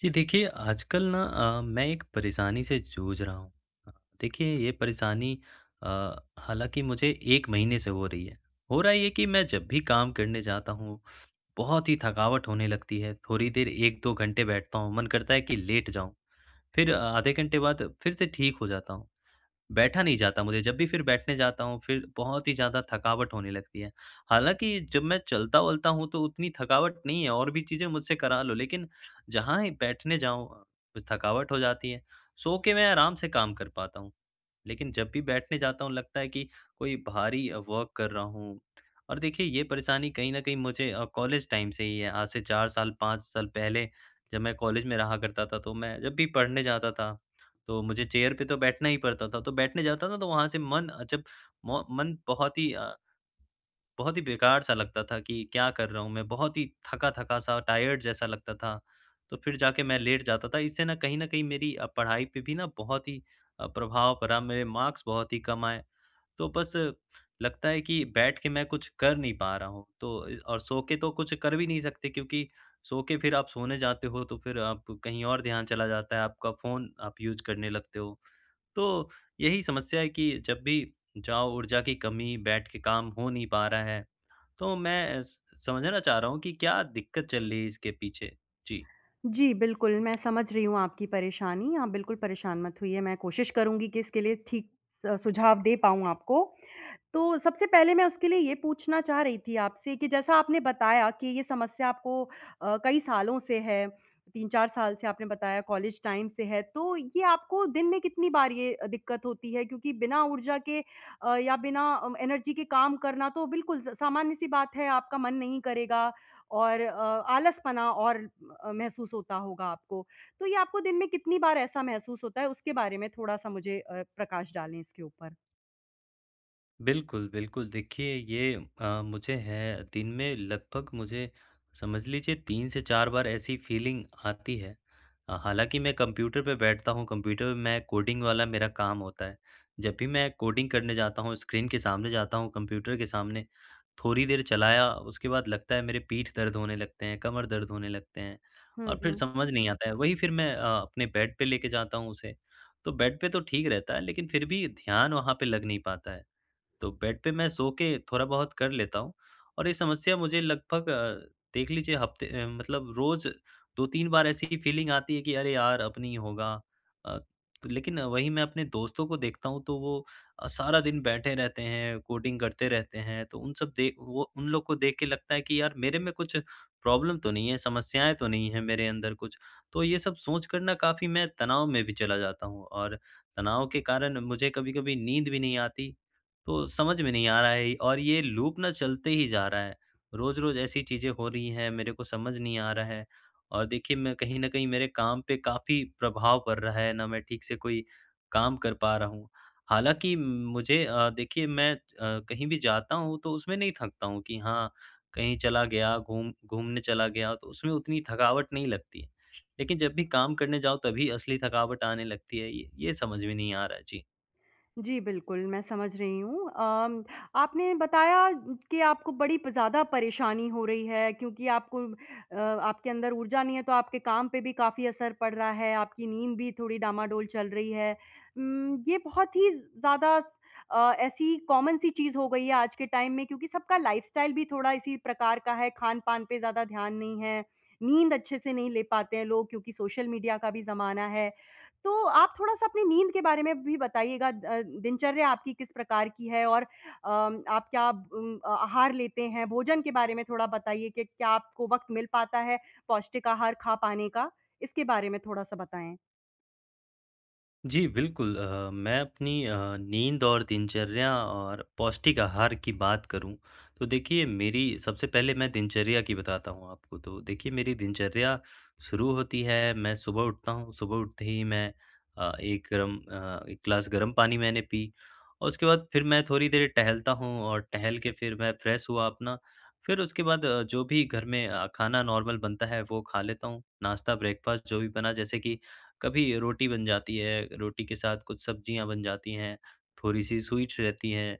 जी देखिए आजकल ना अ, मैं एक परेशानी से जूझ रहा हूँ। देखिए ये परेशानी अ, हालाँकि मुझे 1 महीने से हो रही है। हो रहा है ये कि मैं जब भी काम करने जाता हूँ, बहुत ही थकावट होने लगती है, थोड़ी देर 1-2 घंटे बैठता हूँ, मन करता है कि लेट जाऊँ। फिर आधे घंटे बाद फिर से ठीक हो जाता हुँ। बैठा नहीं जाता, मुझे जब भी फिर बैठने जाता हूँ, फिर बहुत ही ज़्यादा थकावट होने लगती है, हालाँकि जब मैं चलता-वलता हूँ, तो उतनी थकावट नहीं है और भी चीज़ें मुझसे करा लो, लेकिन जहाँ ही बैठने जाऊँ, थकावट हो जाती है। सो के मैं आराम से काम कर पाता हूँ, लेकिन जब भी बैठने जाता हूँ, लगता है कि कोई भारी वर्क कर रहा हूँ। और देखिए ये परेशानी कहीं न कहीं मुझे अ, कॉलेज टाइम से ही है आज से 4 साल 5 साल पहले, जब मैं कॉलेज में रहा करता था, तो मैं जब भी पढ़ने जाता था, तो मुझे चेयर पे तो बैठना ही पड़ता था, तो बैठने जाता था तो वहाँ से मन अ, जब म मन बहुत ही अ बहुत ही बेकार-सा लगता था कि क्या कर रहा हूँ मैं बहुत ही थका-थका-सा टायर्ड जैसा लगता था, तो फिर जाके मैं लेट जाता था। इससे न कहीं न कहीं मेरी अ, पढ़ाई पर भी ना बहुत ही अ, प्रभाव पड़ा मेरे मार्क्स बहुत ही कम आए। तो बस लगता है कि बैठ के मैं कुछ कर नहीं पा रहा हूँ, तो और य अ, सो के तो कुछ कर भी नहीं सकते, क्योंकि सो के फिर आप सोने जाते हो, तो फिर आप कहीं और ध्यान चला जाता है। आपका फ़ोन आप यूज़ करने लगते हो। तो यही समस्या है कि जब भी जाओ, ऊर्जा की कमी बैठ के काम हो नहीं पा रहा है। तो मैं स समझना चाह रहा हूँ कि क्या दिक्कत चल रही है इसके पीछे। जी। जी, बिल्कुल मैं समझ रही हूँ आपकी परेशानी, आप बिल्कुल परेशान मत होइए मैं कोशिश करूँगी कि इसके लिए ठीक स सुझाव दे पाऊँ आपको। तो सबसे पहले मैं उसके लिए ये पूछना चाह रही थी आपसे कि जैसा आपने बताया कि, ये समस्या आपको अ, कई सालों से है, 3-4 साल से आपने बताया कॉलेज टाइम से है, तो ये आपको दिन में कितनी बार ये दिक्कत होती है? क्योंकि बिना ऊर्जा के अ, या बिना अ, एनर्जी के काम करना तो बिल्कुल स सामान्य-सी बात है आपका मन नहीं करेगा और अ आलसपना और अ, महसूस होता होगा आपको। तो ये आपको दिन में कितनी बार ऐसा महसूस होता है? उसके बारे में थोड़ा-सा मुझे अ, प्रकाश डालें इसके ऊपर। बिल्कुल, बिल्कुल, देखिए ये अ, मुझे है। दिन में लगभग मुझे समझ लीजिए 3 से 4 बार ऐसी फ़ीलिंग आती है। अ, हालाँकि मैं कंप्यूटर पे बैठता हूँ, कंप्यूटर मैं कोडिंग वाला मेरा काम होता है। जब भी मैं कोडिंग करने जाता हूँ, स्क्रीन के सामने जाता हूँ कंप्यूटर के सामने, थोड़ी देर चलाया उसके बाद लगता है मेरे पीठ दर्द होने लगते हैं, कमर दर्द होने लगते हैं हुँ, और फिर हुँ। समझ नहीं आता है। वही फिर मैं अ, अपने बेड पे लेके जाता हूँ उसे, तो बेड पे तो ठीक रहता है लेकिन फिर भी ध्यान वहाँ पे लग नहीं पाता है। तो बेड पे मैं सो के थोड़ा बहुत कर लेता हूँ और ये समस्या मुझे लगभग अ, देख लीजिए हफ्ते अम, मतलब रोज़ 2-3 बार ऐसी फ़ीलिंग आती है कि अरे यार! अब नहीं होगा अ, लेकिन वही मैं अपने दोस्तों को देखता हूँ तो वो अ, सारा दिन बैठे रहते हैं, कोडिंग करते रहते हैं। तो उन सब देख वो उन लोग को देख के लगता है कि यार, मेरे में कुछ प्रॉब्लम तो नहीं है, समस्याएँ तो नहीं हैं मेरे अंदर कुछ। तो ये सब सोच कर ना काफ़ी मैं तनाव में भी चला जाता हूँ और तनाव के कारण मुझे कभी-कभी नींद भी नहीं आती, तो समझ में नहीं आ रहा है ये और ये लूप ना चलते ही जा रहा है। रोज़-रोज़ ऐसी चीज़ें हो रही हैं मेरे को समझ नहीं आ रहा है और देखिए, मैं कहीं न कहीं मेरे काम पे काफ़ी प्रभाव पड़ रहा है, ना मैं ठीक से कोई काम कर पा रहा हूँ। हालाँकि मुझे अ, देखिए मैं अ, कहीं भी जाता हूँ तो उसमें नहीं थकता हूँ कि हाँ, कहीं चला गया, घूम घूमने चला गया तो उसमें उतनी थकावट नहीं लगती, लेकिन जब भी काम करने जाओ तभी असली थकावट आने लगती है। ये ये समझ में नहीं आ रहा है। जी। जी, बिल्कुल, मैं समझ रही हूँ। अम, आपने बताया कि आपको बड़ी प ज़्यादा परेशानी हो रही है क्योंकि आपको अ, आपके अंदर ऊर्जा नहीं है तो आपके काम पे भी काफ़ी असर पड़ रहा है। आपकी नींद भी थोड़ी डामाडोल चल रही है। उम, ये बहुत ही ज़् ज़्यादा स अ, ऐसी कॉमन सी चीज़ हो गई है आज के टाइम में क्योंकि सबका लाइफ़स्टाइल भी थोड़ा इसी प्रकार का है। खान-पान पे ज़्यादा ध्यान नहीं है। नींद अच्छे से नहीं ले पाते हैं लोग क्योंकि सोशल मीडिया का भी ज़माना है। तो आप थोड़ा-सा अपनी नींद के बारे में भी बताइएगा अ, दिनचर्या आपकी किस प्रकार की है और अम, आप क्या ब अम, अ, आहार लेते हैं? भोजन के बारे में थोड़ा बताइए कि क्या आपको वक़्त मिल पाता है पौष्टिक आहार खा पाने का? इसके बारे में थोड़ा-सा बताएँ? जी, बिल्कुल अ, मैं अपनी अ, नींद और दिनचर्या और पौष्टिक आहार की बात करूँ, तो देखिए मेरी सबसे पहले मैं दिनचर्या की बताता हूँ आपको। तो देखिए, मेरी दिनचर्या शुरू होती है, मैं सुबह उठता हूँ, सुबह उठते ही मैं अ, एक अम, अ, 1 ग्लास गर्म पानी मैंने पी और उसके बाद फिर मैं थोड़ी देर टहलता हूँ और टहल के फिर मैं फ्रेश हुआ अपना, फिर उसके बाद अ, जो भी घर में अ, खाना नॉर्मल बनता है वो खा लेता हूँ। नाश्ता ब्रेकफ़ास्ट जो भी बना जैसे कि कभी रोटी बन जाती है, रोटी के साथ कुछ सब्ज़ियाँ बन जाती हैं। थोड़ी-सी स्वीट्स रहती हैं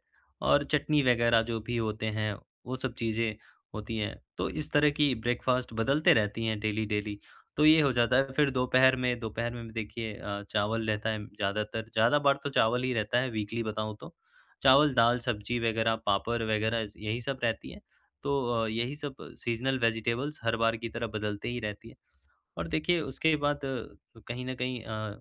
और चटनी वग़ैरह जो भी होते हैं, वो सब चीज़ें होती हैं। तो इस तरह की ब्रेकफ़ास्ट बदलते रहती हैं डेली-डेली। तो ये हो जाता है फिर दोपहर में दोपहर में भी देखिए अ, चावल रहता है ज़्यादातर, ज़्यादा बार तो चावल ही रहता है वीकली बताऊँ तो। चावल, दाल, सब्ज़ी वग़ैरह, पापड़ वग़ैरह ज़ यही सब रहती है, तो अ, यही सब सीज़नल वेजिटेबल्स हर बार की तरह बदलते ही रहती हैं। और देखिए, उसके बाद अ, कहीं न कहीं अ,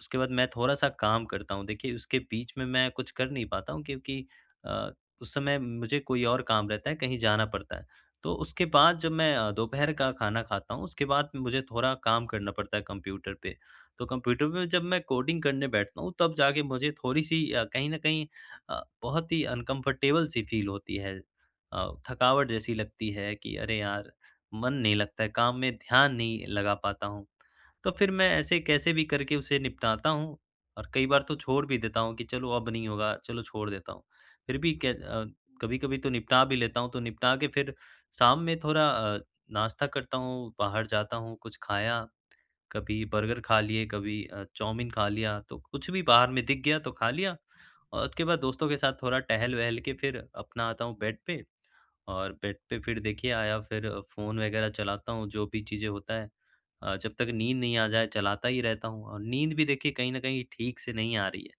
उसके बाद मैं थोड़ा-सा काम करता हूँ। देखिए, उसके बीच में मैं कुछ कर नहीं पाता हूँ क्योंकि अ, उस समय मुझे कोई और काम रहता है, कहीं जाना पड़ता है। तो उसके बाद जब मैं अ, दोपहर का खाना खाता हूँ उसके बाद मुझे थोड़ा काम करना पड़ता है कंप्यूटर पे। तो कंप्यूटर में जब मैं कोडिंग करने बैठता हूँ तब जाके मुझे थोड़ी-सी अ, कहीं न कहीं अ, बहुत ही अनकम्फ़र्टेबल सी फ़ील होती है। अ, थकावट जैसी लगती है कि अरे यार! मन नहीं लगता है, काम में ध्यान नहीं लगा पाता हूँ। तो फिर मैं ऐसे कैसे भी करके उसे निपटाता हूँ और कई बार तो छोड़ भी देता हूँ कि चलो, अब नहीं होगा चलो छोड़ देता हूँ। फिर भी के अ, कभी-कभी तो निपटा भी लेता हूँ तो निपटा के फिर शाम में थोड़ा अ, नाश्ता करता हूँ, बाहर जाता हूँ। कुछ खाया, कभी बर्गर खा लिए, कभी अ, चाउमीन खा लिया तो कुछ भी बाहर में दिख गया तो खा लिया और उसके बाद दोस्तों के साथ थोड़ा टहल-वहल के फिर अपना आता हूँ बेड पे और बेड पे फिर देखिए आया फिर फ़ोन वग़ैरहचलाता हूँ, जो भी चीज़ें होता है। अ, जब तक नींद नहीं आ जाए चलाता ही रहता हूँ और नींद भी देखिए कहीं न कहीं ठीक से नहीं आ रही है।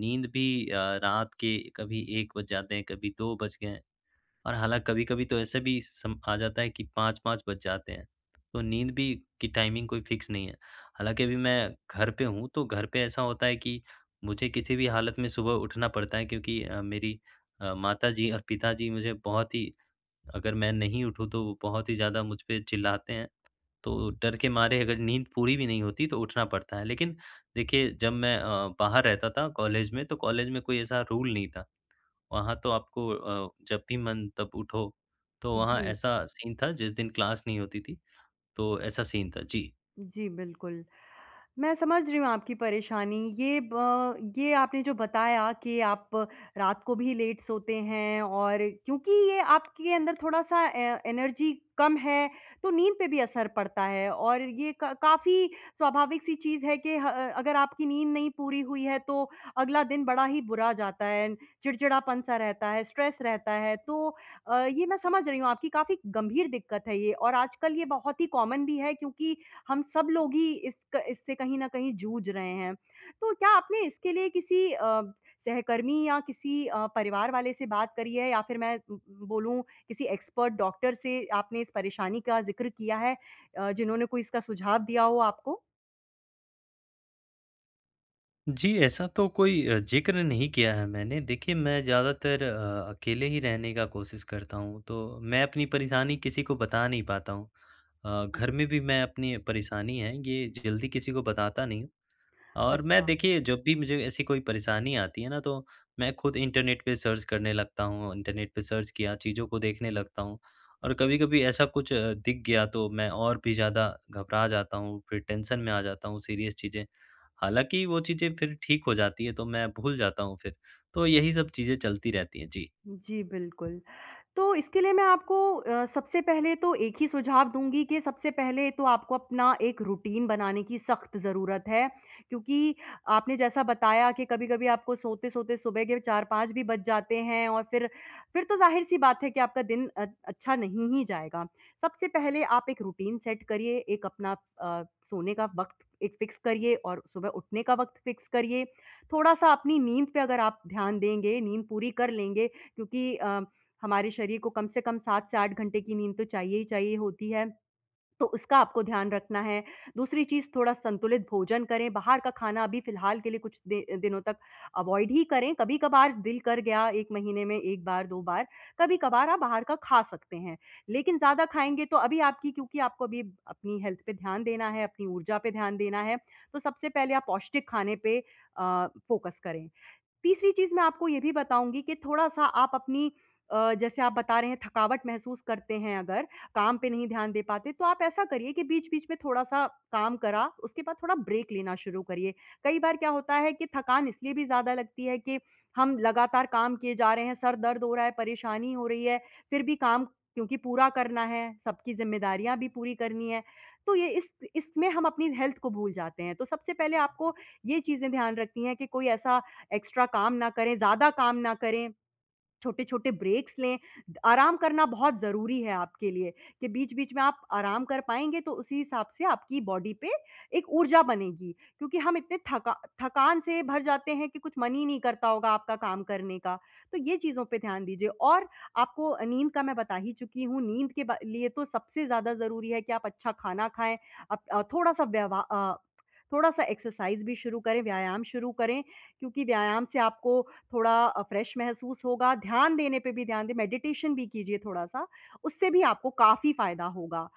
नींद भी अ, रात के कभी 1 बज जाते हैं, कभी 2 बज गए हैं और हालाँ कभी-कभी तो ऐसे भी सम आ जाता है कि 5-5 बज जाते हैं। तो नींद भी की टाइमिंग कोई फ़िक्स नहीं है। हालाँकि अभी मैं घर पे हूँ तो घर पे ऐसा होता है कि मुझे किसी भी हालत में सुबह उठना पड़ता है क्योंकि अ, मेरी अ, माताजी और पिताजी मुझे बहुत ही अगर मैं नहीं उठूँ तो वो बहुत ही ज़्यादा मुझ पे चिल्लाते हैं। तो डर के मारे अगर नींद पूरी भी नहीं होती तो उठना पड़ता है लेकिन देखिए जब मैं अ, बाहर रहता था कॉलेज में तो कॉलेज में कोई ऐसा रूल नहीं था। वहाँ तो आपको अ, जब भी मन तब उठो, तो वहाँ जी। ऐसा सीन था जिस दिन क्लास नहीं होती थी, तो ऐसा सीन था। जी। जी, बिल्कुल। मैं समझ रही हूँ आपकी परेशानी। ये ब ये आपने जो बताया कि आप रात को भी लेट सोते हैं और क्योंकि ये आपके अंदर थोड़ा-सा ए एनर्जी कम है, तो नींद पे भी असर पड़ता है और ये क काफ़ी स्वाभाविक-सी चीज़ है कि ह अगर आपकी नींद नहीं पूरी हुई है तो अगला दिन बड़ा ही बुरा जाता है। चिड़चिड़ापन-सा रहता है, स्ट्रेस रहता है। तो अ, ये मैं समझ रही हूँ आपकी काफ़ी गंभीर दिक्कत है ये और आजकल ये बहुत ही कॉमन भी है क्योंकि हम सब लोग ही इस क इससे कहीं न कहीं जूझ रहे हैं। तो क्या आपने इसके लिए किसी अ, सहकर्मी या किसी अ, परिवार वाले से बात करी है या फिर मैं बोलूँ किसी एक्सपर्ट डॉक्टर से आपने इस परेशानी का ज़िक्र किया है अ, जिन्होंने कोई इसका सुझाव दिया हो आपको? जी, ऐसा तो कोई अ, ज़िक्र नहीं किया है मैंने, देखिए मैं ज़्यादातर अ अकेले ही रहने का कोशिश करता हूँ, तो मैं अपनी परेशानी किसी को बता नहीं पाता हूँ। अ, घर में भी मैं अपनी परेशानी है ये जल्दी किसी को बताता नहीं और मैं अच्छा। देखिए जब भी मुझे ऐसी कोई परेशानी आती है ना तो मैं खुद इंटरनेट पे सर्च करने लगता हूँ। इंटरनेट पे सर्च किया चीज़ों को देखने लगता हूँ। और कभी-कभी ऐसा कुछ दिख गया तो मैं और भी ज़्यादा घबरा जाता हूँ, फिर टेंशन में आ जाता हूँ, सीरियस चीज़ें, हालाँकि वो चीज़ें फिर ठीक हो जाती है, तो मैं भूल जाता हूँ फिर तो यही सब चीज़ें चलती रहती है जी। जी बिल्कुल। तो इसके लिए मैं आपको अ, सबसे पहले तो एक ही सुझाव दूँगी कि सबसे पहले तो आपको अपना एक रूटीन बनाने की सख़्त ज़रूरत है। क्योंकि आपने जैसा बताया कि कभी-कभी आपको सोते-सोते सुबह के 4-5 भी बज जाते हैं और फिर, फिर तो ज़ाहिर-सी बात है कि आपका दिन अ अच्छा नहीं ही जाएगा। सबसे पहले आप एक रूटीन सेट करिए, एक अपना अ, सोने का वक़्त एक फिक्स करिए और सुबह उठने का वक़्त फिक्स करिए। थोड़ा-सा अपनी नींद पे अगर आप ध्यान देंगे, नींद पूरी कर लेंगे, क्योंकि अ, हमारे शरीर को कम से कम 7 से 8 घंटे की नींद तो चाहिए ही चाहिए होती है। तो उसका आपको ध्यान रखना है, दूसरी चीज़ थोड़ा संतुलित भोजन करें, बाहर का खाना अभी फ़िलहाल के लिए कुछ दि दिनों तक अवॉइड ही करें। कभी-कभार दिल कर गया 1 महीने में 1 बार 2 बार, कभी-कभार आप बाहर का खा सकते हैं। लेकिन ज़्यादा खाएँगे तो अभी आपकी क्योंकि आपको अभी अपनी हेल्थ पे ध्यान देना है, अपनी ऊर्जा पे ध्यान देना है। तो सबसे पहले आप पौष्टिक खाने पे अ, फोकस करें। तीसरी चीज़ मैं आपको ये भी बताऊँगी कि थोड़ा-सा आप अपनी अ, जैसे आप बता रहे हैं, थकावट महसूस करते हैं, अगर काम पे नहीं ध्यान दे पाते तो आप ऐसा करिए कि बीच-बीच में थोड़ा-सा काम करा उसके बाद थोड़ा ब्रेक लेना शुरू करिए। कई बार क्या होता है कि थकान इसलिए भी ज़्यादा लगती है कि हम लगातार काम किए जा रहे हैं, सर दर्द हो रहा है, परेशानी हो रही है, फिर भी काम क्योंकि पूरा करना है, सबकी ज़िम्मेदारियाँ भी पूरी करनी है। तो ये इस इसमें हम अपनी हेल्थ को भूल जाते हैं। तो सबसे पहले आपको ये चीज़ें ध्यान रखनी है कि कोई ऐसा एक्स्ट्रा काम ना करें, ज़्यादा काम ना करें। छोटे-छोटे ब्रेक्स लें आराम करना बहुत ज़रूरी है, आपके लिए कि बीच-बीच में आप आराम कर पाएँगे तो उसी हिसाब से आपकी बॉडी पे एक ऊर्जा बनेगी। क्योंकि हम इतने थका थकान से भर जाते हैं कि कुछ मन ही नहीं करता होगा आपका काम करने का। तो ये चीज़ों पे ध्यान दीजिए और आपको नींद का मैं बता ही चुकी हूँ। नींद के ब लिए तो सबसे ज़्यादा ज़रूरी है कि आप अच्छा खाना खाएँ, आप थोड़ा-सा व्यव अ, थोड़ा-सा एक्सरसाइज़ भी शुरू करें, व्यायाम शुरू करें, क्योंकि व्यायाम से आपको थोड़ा फ्रेश महसूस होगा। ध्यान देने पे भी ध्यान दें, मेडिटेशन भी कीजिए थोड़ा-सा उससे भी आपको काफ़ी फ़ायदा होगा।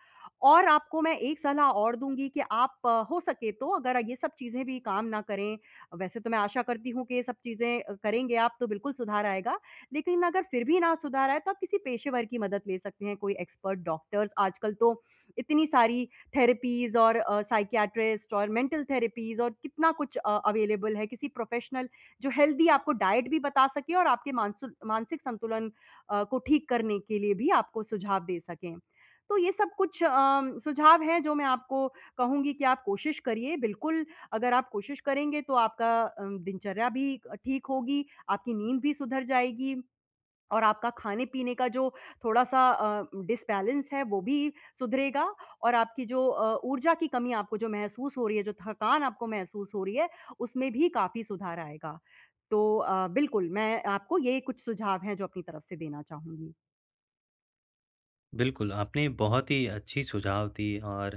और आपको मैं एक सलाह और दूँगी कि आप हो सके तो अगर ये सब चीज़ें भी काम ना करें, वैसे तो मैं आशा करती हूँ कि ये सब चीज़ें करेंगे आप तो बिल्कुल सुधार आएगा। लेकिन अगर फिर भी ना सुधार आए तो आप किसी पेशेवर की मदद ले सकते हैं। कोई एक्सपर्ट डॉक्टर आजकल तो इतनी सारी थेरेपीज़ और अ, साइकियाट्रिस्ट और मेंटल थेरेपीज़ और कितना कुछ अ, अवेलेबल है। किसी प्रोफेशनल जो हेल्दी आपको डाइट भी बता सके और आपके मानसुक मानसिक संतुलन अ, को ठीक करने के लिए भी आपको सुझाव दे सकें। तो ये सब कुछ अ, सुझाव है जो मैं आपको कहूँगी कि आप कोशिश करिए। बिल्कुल अगर आप कोशिश करेंगे तो आपका अ, दिनचर्या भी ठीक होगी, आपकी नींद भी सुधर जाएगी और आपका खाने-पीने का जो थोड़ा-सा अ, डिसबैलेंस है, वो भी सुधरेगा और आपकी जो अ, ऊर्जा की कमी आपको जो महसूस हो रही है, जो थकान आपको महसूस हो रही है, उसमें भी काफ़ी सुधार आएगा। तो अ, बिल्कुल मैं आपको ये कुछ सुझाव हैं, जो अपनी तरफ से देना चाहूँगी। बिल्कुल, आपने बहुत ही अच्छी सुझाव दी और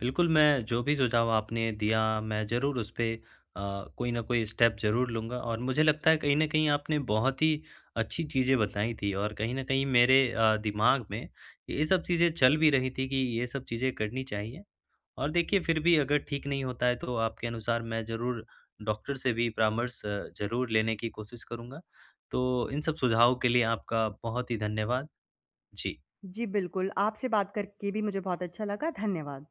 बिल्कुल मैं जो भी सुझाव आपने दिया, मैं ज़रूर उस पे अ, कोई न कोई स्टेप ज़रूर लूँगा और मुझे लगता है कहीं न कहीं आपने बहुत ही अच्छी चीज़ें बताई थी और कहीं न कहीं मेरे अ, दिमाग में ये सब चीज़ें चल भी रही थी कि ये सब चीज़ें करनी चाहिए। और देखिए फिर भी अगर ठीक नहीं होता है तो आपके अनुसार मैं ज़रूर डॉक्टर से भी परामर्श अ, ज़रूर लेने की कोशिश करूँगा। तो इन सब सुझावों के लिए आपका बहुत ही धन्यवाद। जी। जी बिल्कुल आपसे बात करके भी मुझे बहुत अच्छा लगा। धन्यवाद।